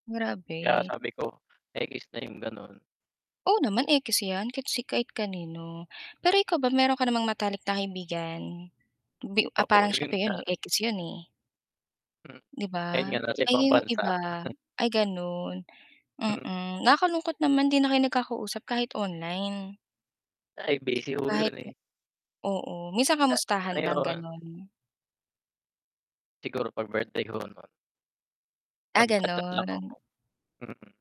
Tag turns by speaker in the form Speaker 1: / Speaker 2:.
Speaker 1: Kaya
Speaker 2: Grabe.
Speaker 1: sabi ko, ekis na yung ganun.
Speaker 2: Oo naman ekis yan, kahit si kahit kanino. Pero ikaw ba meron ka namang matalik na kaibigan, bi u ah,
Speaker 1: Oo,
Speaker 2: parang siya
Speaker 1: yun
Speaker 2: pa yun
Speaker 1: nga.
Speaker 2: ekis yun eh.
Speaker 1: Hmm.
Speaker 2: 'Di
Speaker 1: Ayun
Speaker 2: ba?
Speaker 1: nga nasa
Speaker 2: Ay
Speaker 1: ibang
Speaker 2: yung
Speaker 1: bansa.
Speaker 2: iba, ay ganun,
Speaker 1: Hmm.
Speaker 2: mm. Nakakalungkot naman 'di na kayo nagkakausap kahit online.
Speaker 1: Ay, busy ho
Speaker 2: Kahit
Speaker 1: yun eh.
Speaker 2: oo, minsan
Speaker 1: Ah,
Speaker 2: kamustahan lang
Speaker 1: meron.
Speaker 2: ganon?
Speaker 1: Siguro pag birthday ko, ganon.
Speaker 2: Ah,
Speaker 1: Mag-cha-chat lang ako,
Speaker 2: ganon.
Speaker 1: mm.